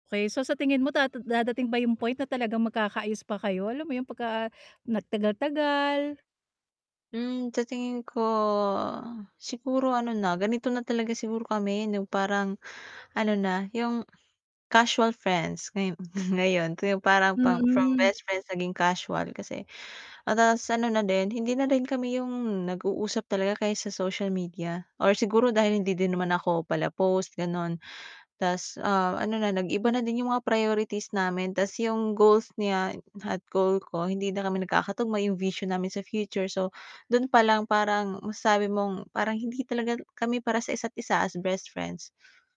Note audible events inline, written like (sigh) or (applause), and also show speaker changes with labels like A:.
A: Okey, so sa tingin mo da dadating ba yung point na talagang magkakaayos pa kayo, alam mo yung pagka nagtagal-tagal.
B: Mm, sa tingin ko siguro ano na, ganito na talaga siguro kami yung parang ano na yung, casual friends ngayo (chuckles) ngayon. Yung parang pang from
A: Mm.
B: best friends naging casual kasi ano ta's ano na din hindi na din kami yung nag-uusap talaga o kaya sa social media or siguro dahil hindi din naman ako pala post gano'n. Ta's, ah, ano na nag-iba na din yung mga priorities namin ta's yung goals niya at goal ko hindi na kami nagkakatugma- yung vision namin sa future- so do'n palang parang masasabi mong parang hindi talaga kami para sa isa't isa as best friends.